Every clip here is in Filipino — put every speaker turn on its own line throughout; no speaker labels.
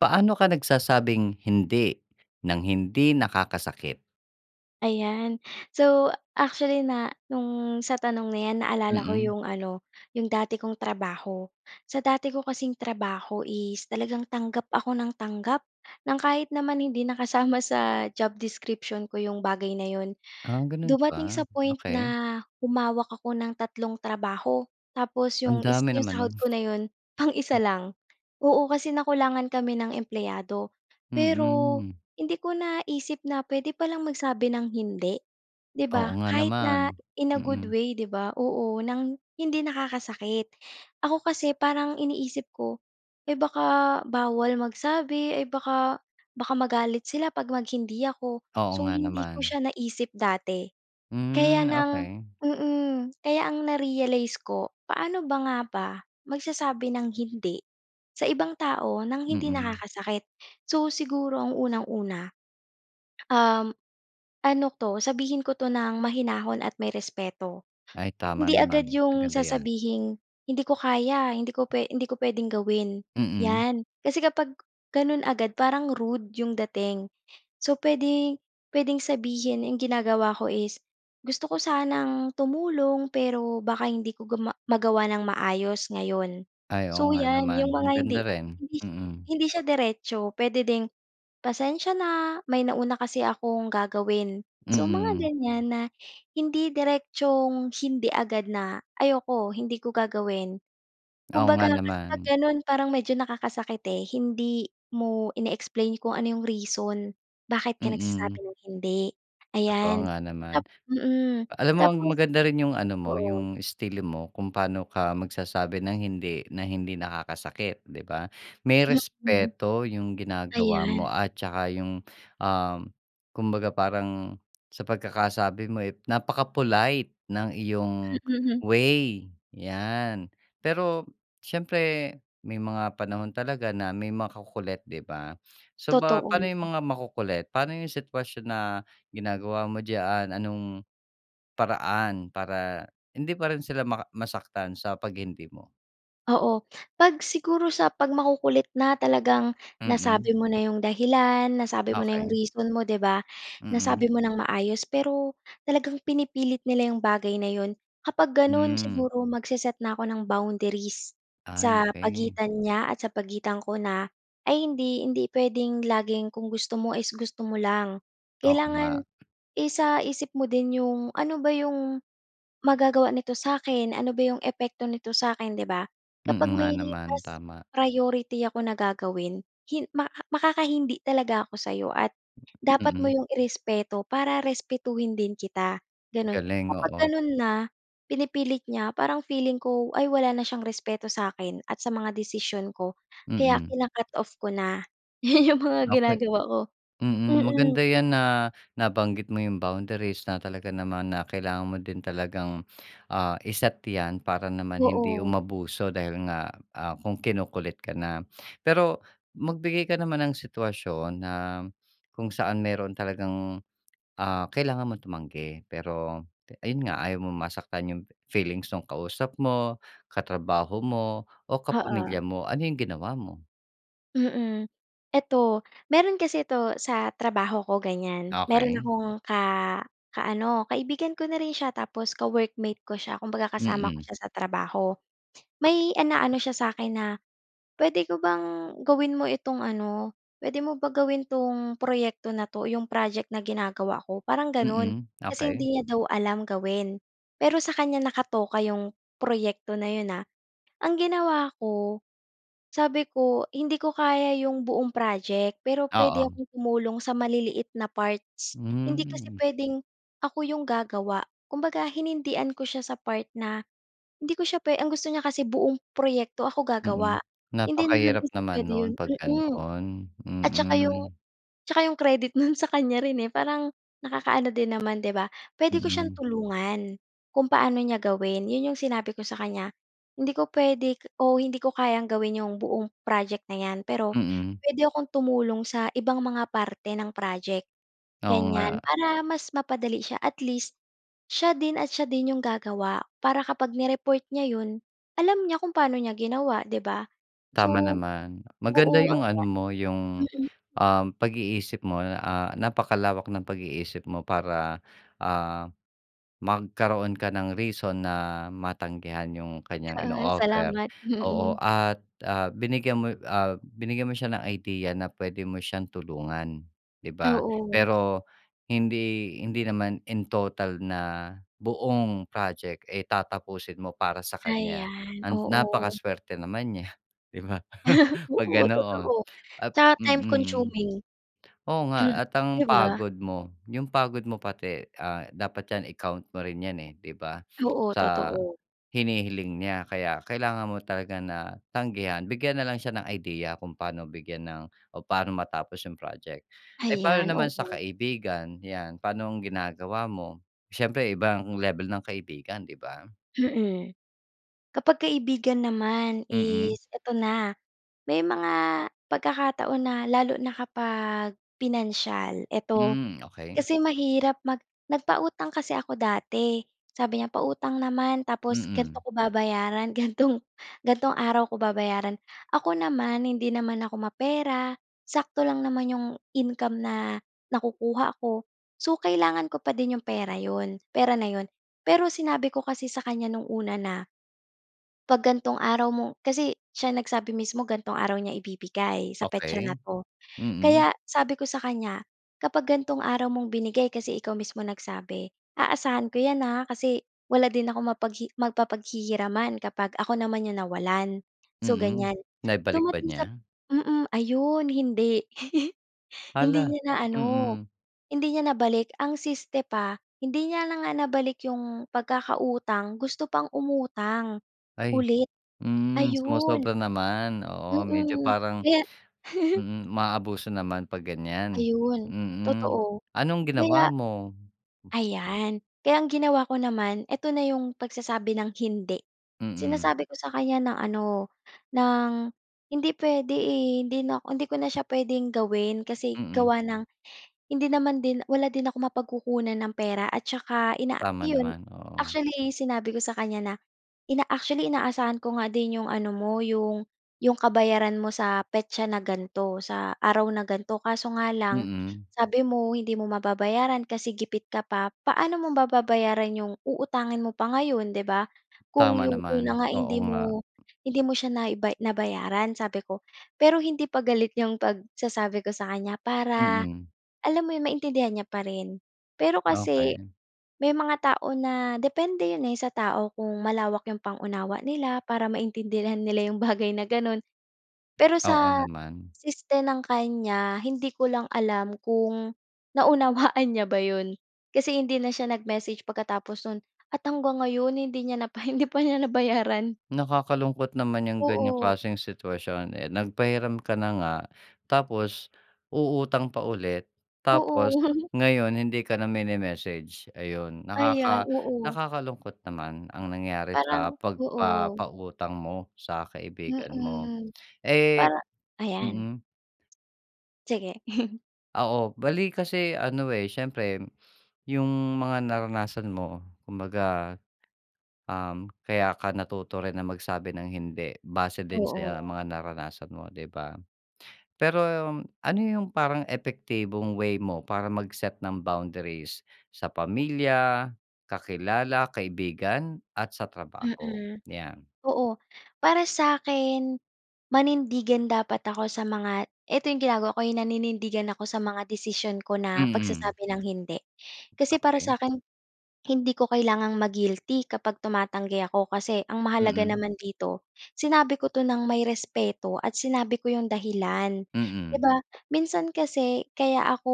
Paano ka nagsasabing "hindi" ng hindi nakakasakit?
Ayan. So actually na no'ng sa tanong na 'yan naalala ko
Mm.
'yong ano 'yong dati kong trabaho. Sa dati ko kasing trabaho is talagang tanggap ako ng tanggap ng kahit naman hindi na kasama sa job description ko 'yong bagay na 'yon.
Ah, gano'n
Dumating
ba?
sa point
Okey.
na humawak ako ng tatlong trabaho, tapos
Ang
'yong is
dami
'yong
naman 'non.
sahod ko na 'yon pang-isa lang. Oo kasi nakulangan kami ng empleyado. Pero
Mm.
hindi ko naisip na puwede pa lang magsabi ng hindi, 'di ba?
Oo nga
Kahit na
naman.
in a good
Mm.
way 'di ba. Oo ng hindi nakakasakit. Ako kasi, parang iniisip ko, eh, baka bawal magsabi ay baka, baka magalit sila 'pag mag-hindi ako.
Oo
So,
nga
hindi ko
naman.
siya naisip dati kaya
Hmm,
ng
okey.
mm, kaya ang na-realize ko. Paano ba nga ba magsasabi ng hindi sa ibang tao ng hindi
Mm.
nakakasakit? So, siguro ang unang-una, um, ano 'to sabihin ko 'to ng mahinahon at may respeto.
Ay tama
Hindi
naman,
agad 'yong
maganda 'yan.
sasabihing "hindi ko kaya, hindi ko pwe hindi ko puwedeng gawin"
Mm.
'yan. Kasi kapag gano'n agad parang rude 'yong dating. So, puwede puwedeng sabihin 'yong ginagawa ko is gusto ko sanang tumulong pero baka hindi ko guma magawa ng maayos ngayon.
Ay oo
So,
nga
'yan
naman,
'yong mga hindi
maganda rin,
hindi
mm.
hindi siya diretso. Puwede ding "pasensya na may nauna kasi akong gagawin". So mga
Mm.
ganyan na hindi diretsong hindi agad na "ayoko hindi ko gagawin".
Oo nga
Kumbaga kasi 'pag
naman.
gano'n parang medyo nakakasakit, eh, hindi mo ine-explain kung ano 'yong reason bakit ka
Mm.
nagsasabi ng hindi,
Totoo
ayan.
nga naman.
Tap mm.
Alam mo
Tapos
maganda rin yung ano mo
oo.
yung istilo mo kung paano ka magsasabi ng "hindi" na hindi nakakasakit di ba? May
Mhm.
respeto yung ginagawa mo
Ayan.
at tsaka yung, um, kumbaga parang sa pagkakasabi mo, eh, napaka-polite ng iyong way yan. Pero siyempre may mga panahon talaga na may makukulit di ba? So, ba pano
Totoo.
yung mga makukulit? Paano yung sitwasyon na ginagawa mo diyaan? Anong paraan para hindi pa rin sila maka masaktan sa pag "hindi" mo?
Oo. 'Pag siguro sa 'pag makukulit na talagang
Mm.
nasabi mo na 'yong dahilan, nasabi mo na 'yong
Okey.
reason mo 'di ba,
Mm.
nasabi mo nang maayos pero talagang pinipilit nila 'yong bagay na 'yon. Kapag gano'n
Hmm.
siguro mag-se-set na 'ko ng boundaries,
Ay
sa
okey.
pagitan niya at sa pagitan ko na, "Ay hindi hindi puwedeng laging kung gusto mo is gusto mo lang."
Oo nga.
Kailangan isa-isip mo din 'yong, ano ba 'yong, magagawa nito sa'kin ano ba 'yung epekto nito sa'kin, 'di ba? Kapag
Mm nga
may
naman,
mas
tama.
priority ako na gagawin hin maka makakahindi talaga ako sa'yo at dapat mo
Mm.
'yong i-respeto para respetuhin din kita, ganun.
Galing,
Kapag
oo.
ganun na, pinipilit niya parang feeling ko, "Ay wala na siyang respeto sa'kin at sa mga desisyon ko." Kaya
Mm.
kina-cut-off ko na, 'yun 'yung mga
Okey
ginagawa ko,
Mm,
mm.
maganda yan na nabanggit mo 'yung boundaries na talaga naman na kailangan mo din talagang, ah, i-set 'yan para naman hindi
Oo.
umabuso dahil nga, ah, kung kinukulit ka na. Pero magbigay ka naman ng sitwasyon na kung saan meron talagang, ah, kailangan mong tumanggi pero, ayun nga ayaw mong masaktan 'yung feelings 'nung kausap mo, katrabaho mo, o
Oo.
kapamilya mo, ano 'yung ginawa mo?
Mm. Eto, meron kasi 'to sa trabaho ko ganyan, meron
Okey.
akong ka ka-ano kaibigan ko na rin siya tapos ka-workmate ko siya. Kumbaga kasama ko
Mm.
siya sa trabaho. May inaano siya sa akin na, puwede ko bang gawin mo itong ano, puwede mo ba gawin 'tong proyekto na 'to? Yung project na ginagawa ko, parang ganon.
Mm.
Kasi,
Okey.
hindi niya daw alam gawin. Pero, sa kanya nakatoka yung proyekto na 'yon, ah. Ang ginawa ko, sabi ko, hindi ko kaya yung buong project pero puwede
Oo.
akong tumulong sa maliliit na parts. Hindi kasi
Hmm.
puwedeng ako yung gagawa. Kumbaga, hinindian ko siya sa part na hindi ko siya pwe ang gusto niya kasi buong proyekto ako
Mm.
gagawa. Hindi naman
Napakahirap
kasi
naman
puwede
nun
'yon
'pag
mm.
ganoon.
At saka yung
Mm.
tsaka yung credit no'n sa kanya rin, eh. Parang, nakakaano din naman, 'di ba? Puwede ko siyang
Mhm.
tulungan kung paano niya gawin. 'Yon yung sinabi ko sa kanya. Hindi ko puwede o hindi ko kayang gawin yung buong project na 'yan pero
Mm.
puwede akong tumulong sa ibang mga parte ng project,
Oo
ganyan.
nga.
Para mas mapadali siya. At least, siya din at siya din yung gagawa para kapag ni-report niya 'yon, alam niya kung paano niya ginawa, 'di ba?
Tama
So
naman.
oo,
Maganda
ang
yung ano mo,
gina
yung,
mm.
um, pag-iisip mo, ah, napakalawak ng pag-iisip mo para, ah, magkaroon ka ng reason na matanggihan yung kanyang
Oo,
ino-offer.
salamat.
Oo
Mm.
at, ah, binigyan mo ah, binigyan mo siya ng idea na pwede mo siyang tulungan, di ba?
Oo.
Pero, hindi hindi naman in total na buong project, eh, tatapusin mo para sa kanya.
Ayan.
And napaka
Oo.
swerte naman niya, di ba? 'Pag
Oo,
ganoon
totoo.
at
Tsaka time
mm.
consuming.
Oo nga, at ang
'Di ba?
pagod mo, yung pagod mo pati, ah, dapat yan i-count mo rin yan, eh, di ba?
Oo,
Sa
totoo.
hinihiling niya kaya, kailangan mo talaga na tanggihan. Bigyan na lang siya ng idea kung paano bigyan ng o paano matapos yung project. Eh, paano
Ayan.
naman sa
Oo.
kaibigan? Yan. Paano ang ginagawa mo? Siyempre iba ang level ng kaibigan, di ba?
Mm. Kapag kaibigan naman
Mm.
is eto na, may mga pagkakataon na lalo na kapag pinansyal. Eto,
Hmm, okey.
kasi mahirap mag nagpautang kasi ako dati, sabi niya, pautang naman tapos ganto
Mm.
ko babayaran. Gantong gantong araw ko babayaran. Ako naman, hindi naman ako mapera, sakto lang naman yung income na nakukuha ko. So, kailangan ko pa din yung pera 'yon pera na 'yon. Pero, sinabi ko kasi sa kanya noong una na, 'pag gantong araw mo kasi, siya nagsabi mismo gantong araw niya ibibigay, sa petsa na
Okey.
'to.
Mm.
Kaya, sabi ko sa kanya, kapag gantong araw mong binigay kasi ikaw mismo nagsabi, aasahan ko 'yan, ha kasi, wala din akong mapaghi mapapaghihiraman kapag ako naman yung nawalan. So,
Mhm.
ganyan.
Naibalik ba
Dumating sap
niya?
mm, ayun hindi. Hindi
Hala!
niya na ano,
Mm.
hindi niya nabalik. Ang siste pa, hindi niya na nga nabalik yung pagkakautang, gusto pang umutang,
Ay!
ulit.
Hmm,
Ayun.
sumosobra naman. Oo, medyo
Mm.
parang
Kaya
mhm, umaabuso naman 'pag ganyan.
Ayun.
Mm.
Totoo.
Anong
Kaya
ginawa mo?
ayan. Kaya ang ginawa ko naman, eto na yung pagsasabi ng hindi.
Mm.
Sinasabi ko sa kanya na ano, ng hindi puwede, eh, hindi nako hindi ko na siya puwedeng gawin kasi
Mm.
gawa ng hindi naman din wala din akong mapagkukunan ng pera at saka ina
Tama
'yon.
naman, oo.
Actually, sinabi ko sa kanya na ina actually, inaasahan ko nga din yung ano mo, yung yung kabayaran mo sa petsa na gan'to, sa araw na ganto, kaso nga lang,
Mm.
sabi mo, hindi mo mababayaran kasi gipit ka pa. Paano mo mababayaran yung uutangin mo pa ngayon, 'di ba? Kung
Tama
yung una
naman.
nga, eh,
Oo
hindi
nga.
mo hindi mo siya naiba nabayaran, sabi ko. Pero hindi pa galit yung pagsasabi ko sa kanya para,
Mm.
alam mo yun, maintindihan niya pa rin. Pero kasi,
Okey.
may mga tao na depende 'yon, eh, sa tao kung malawak yung pang-unawa nila para maintindihan nila yung bagay na ganon. Pero
Oo
sa,
naman.
siste ng kanya, hindi ko lang alam kung naunawaan niya ba 'yon kasi, hindi na siya nag-message pagkatapos no'n at hanggang ngayon, hindi niya na pa hindi pa niya nabayaran.
Nakakalungkot naman yang ganyang
Oo.
klaseng sitwasyon. Eh, nagpahiram ka na nga tapos, uutang pa ulit
Oo.
tapos, ngayon hindi ka na mini-message, ayun.
Ayan,
Nakaka
oo.
nakakalungkot naman ang nangyari
Parang
sa
oo.
pagpapautang mo sa kaibigan mo.
Mm.
Eh
Parang ayan.
mm.
Sige.
Oo, bale kasi ano, eh, syempre yung mga naranasan mo kumbaga, um, kaya ka natuto rin na magsabi ng hindi, base din sa
Oo.
mga naranasan mo, 'di ba? Pero ano yung parang epektibong way mo, para mag-set ng boundaries sa pamilya, kakilala, kaibigan at sa trabaho,
Mm,
'yan?
oo. Para sa'kin manindigan dapat ako sa mga eto 'yong ginagawa ko, eh, naninindigan ako sa mga desisyon ko na
Mm.
pagsasabi ng hindi. Kasi para
Okey.
sa'kin hindi ko kailangang maguilty kapag tumatanggi ako, kasi ang mahalaga
Mm.
naman dito sinabi ko 'to ng may respeto at sinabi ko 'yong dahilan, 'di
Mm.
ba? Minsan kasi kaya ako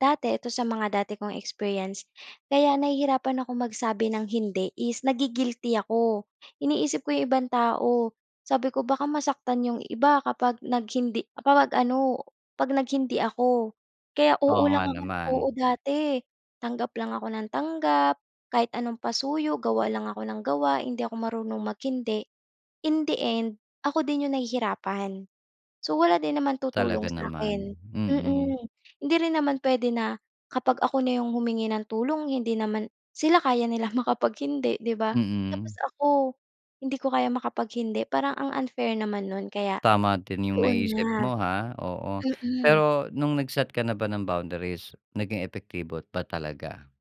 dati ito sa mga dati kong experience. Kaya nahihirapan akong magsabi ng hindi is nagui guilty ako, iniisip ko 'yong ibang tao. Sabi ko baka masaktan 'yong iba kapag nag hindi kapag ano, 'pag nag hindi ako kaya, oo
Oo nga
lang ako ng oo
naman.
dati. Tanggap lang ako ng tanggap, kahit anong pasuyo gawa lang ako ng gawa, hindi ako marunong maghindi. In the end, ako din 'yong nahihirapan. So, wala din naman tutulong
Talaga naman.
sa'kin,
Mm.
mm. Hindi rin naman puwede na kapag ako na 'yong humingi ng tulong hindi naman sila kaya nilang makapag hindi, 'di ba? Tapos
Mm.
ako, hindi ko kaya makapag hindi parang ang unfair naman no'n kaya
Tama din yung
doon
naisip
na,
mo, ha, oo.
mm.
Pero nung nagset ka na ba ng boundaries naging epektibo ba talaga?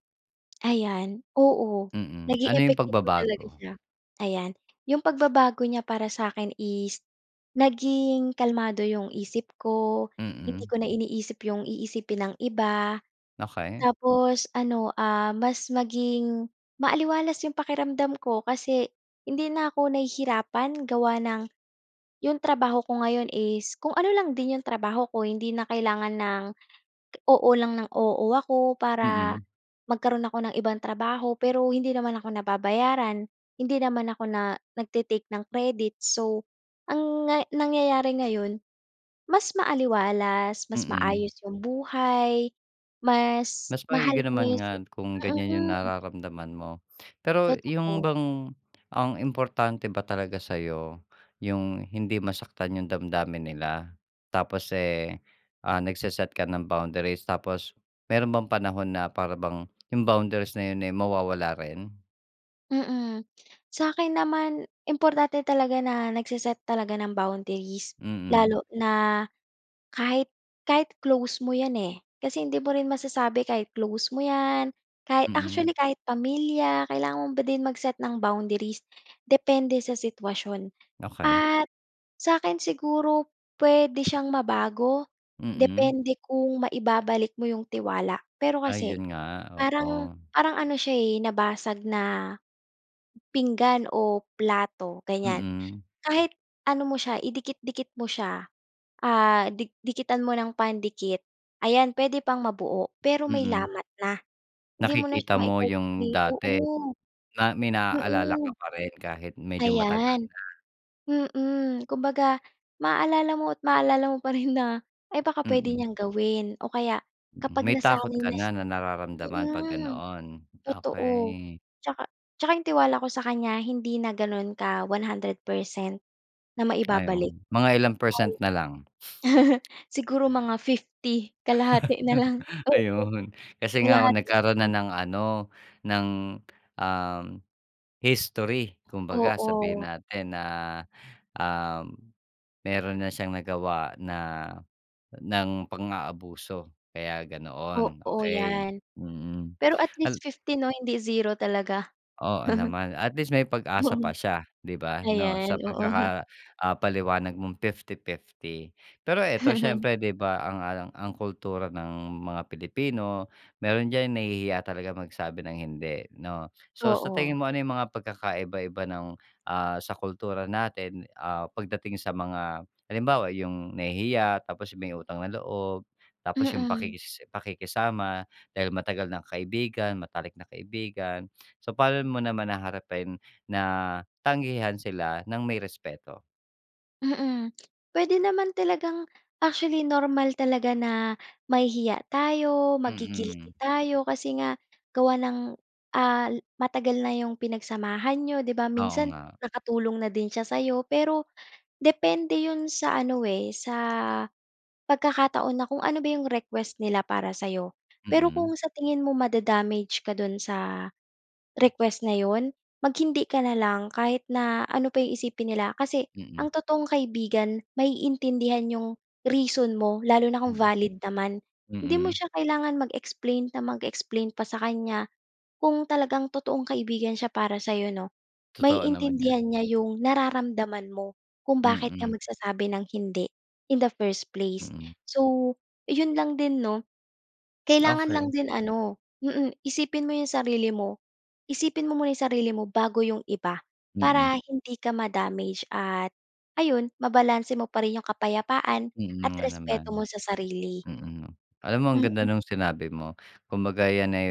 Ayan, oo,
Mm,
naging
ano 'yung
epektibo talaga
pagbabago?
siya, ayan. 'Yong pagbabago niya para sa 'kin is naging kalmado 'yong isip ko, hindi
Mm.
ko na iniisip 'yong iisipin ng iba,
Okey.
tapos ano, ah, mas maging maaliwalas 'yong pakiramdam ko kasi hindi na 'ko nahihirapan gawa ng 'yong trabaho ko ngayon is kung ano lang din 'yong trabaho ko hindi na kailangan ng, oo lang ng oo ako para
Mm.
magkaro'n ako ng ibang trabaho pero hindi naman ako nababayaran, hindi naman ako na nagte-take ng credit. So ang nga nangyayari ngayon, mas maaliwalas, mas
Mm.
maayos 'yung buhay, mas
Mas
mahal
maigi
ko na
naman
'yong sa
nga kung ganiyan 'yung
mm.
nararamdaman mo, pero 'yung
Totoo.
bang, ang importante ba talaga sa 'yo 'yung hindi masaktan yung damdamin nila, tapos eh, ah, nagseset ka ng boundaries, tapos meron bang panahon na para bang yung boundaries na 'yun eh mawawala rin?
Mm, sa akin naman importante talaga na nagse-set talaga ng boundaries,
Mm.
lalo na kahit kahit close mo 'yan eh. Kasi hindi mo rin masasabi kahit close mo 'yan kahit
Mm.
actually kahit pamilya kailangan mo din mag-set ng boundaries depende sa sitwasyon.
Okey.
At sa akin siguro puwede siyang mabago
Mm.
depende kung maibabalik mo 'yung tiwala. Pero
Ay
kasi
'yun nga,
parang
oo.
parang ano siya eh nabasag na pinggan o plato ganyan.
Mm.
Kahit ano mo siya idikit-dikit mo siya, ah, di dikitan mo ng pandikit ayan puwede pang mabuo pero may
Mm.
lamat na. Hindi mo na siya
Nakikita mo 'yung
maico-complete
dati
oo,
na may naalala ka
mm.
pa rin kahit medyo matagal
Ayan
na.
mm. Kumbaga maaalala mo at maalala mo pa rin na, "Ay baka puwede
Mm.
niyang gawin." O kaya
Mm,
kapag
may takot
nasanay
ka
na
na
siya
na nararamdaman kapag
mm
ganoon,
totoo.
okey.
'Tsaka 'tsaka 'yung tiwala ko sa kanya hindi na ganon ka 100% na
Ay oh,
maibabalik.
mga ilang percent na lang?
Siguro mga 50 Kalahati na lang oo
Ayun, kasi nga
kalahati na
nagkaroon na
lang.
ng ano ng um, history kumbaga sabihin
Oo.
natin na, um, meron na siyang nagawa na ng pang-aabuso kaya ganoon
Oo,
okey.
'yan,
Mm.
pero at
Ala
least 50 'no, hindi 0 talaga.
Oo naman, at least may pag-asa pa
Mm,
siya 'di ba 'no sa
ayan oo.
pagkaka ah paliwanag mong 50-50 Pero eto siyempre di ba ang ang kultura ng mga Pilipino, meron diyan nahihiya talaga magsabi ng hindi 'no. So sa
Oo.
tingin mo ano 'yung mga pagkakaiba-iba ng, ah sa kultura natin ah pagdating sa mga halimbawa, 'yung nahihiya tapos 'yung may utang na loob, tapos 'yung
Mm.
pakikis pakikisama dahil matagal ng kaibigan, matalik na kaibigan. So paano mo naman haharapin na, tanggihan sila ng may respeto?
Mm. Puwede naman talagang actually normal talaga na mahihiya tayo,
Mm.
magi-guilty tayo kasi nga gawa ng, ah, matagal na 'yong pinagsamahan niyo 'di ba?
Oo
Minsan
nga.
nakatulong na din siya sa'yo, pero depende 'yon sa ano, eh, sa pagkakataon na kung ano ba 'yong request nila para sa'yo. Pero
Mm.
kung sa tingin mo mada-damage ka do'n sa request na 'yon, mag hindi ka na lang kahit na ano pa 'yong isipin nila kasi,
Mm.
ang totoong kaibigan maiintindihan 'yong reason mo lalo na kung
Mm.
valid naman. Hindi mo
Mm.
siya kailangan mag-explain na mag-explain pa sa kanya kung talagang totoong kaibigan siya para sa'yo 'no.
Totoo naman 'yan.
Maiintindihan niya 'yong nararamdaman mo kung bakit ka
Mm.
magsasabi ng hindi in the first place.
Mm.
So 'yon lang din 'no, kailangan lang
Okey.
din ano mm. Isipin mo 'yong sarili mo. Isipin mo muna 'yong sarili mo bago 'yong iba
Mm.
para hindi ka ma-damage at ayun mabalanse mo pa rin 'yong kapayapaan
Mm,
at
nga naman.
respeto mo sa sarili.
Mm. Alam mo ang ganda
Mm.
'nung sinabi mo. Kumbaga 'yan ay,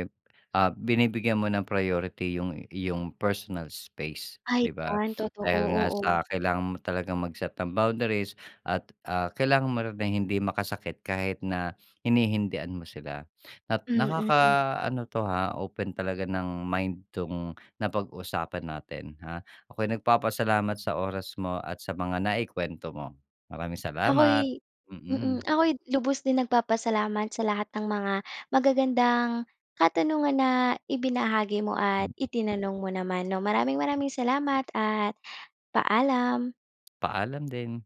ah, binibigyan mo ng priority 'yung iyong personal space
Ay,
'di ba?
'yan. Totoo,
Dahil nga sa
oo.
kailangan mo talagang mag-set ng boundaries at, ah, kailangan mo na ring hindi makasakit kahit na hinihindian mo sila. At
Mm.
nakakaano 'to ha open talaga ng mind 'tong napag-usapan natin, ha. Ako'y nagpapasalamat sa oras mo at sa mga naikuwento mo. Maraming salamat.
Ako'y mm.
Mm.
Ako'y lubos din nagpapasalamat sa lahat ng mga magagandang katanungan na ibinahagi mo at itinanong mo naman 'no. Maraming maraming salamat at paalam.
Paalam din.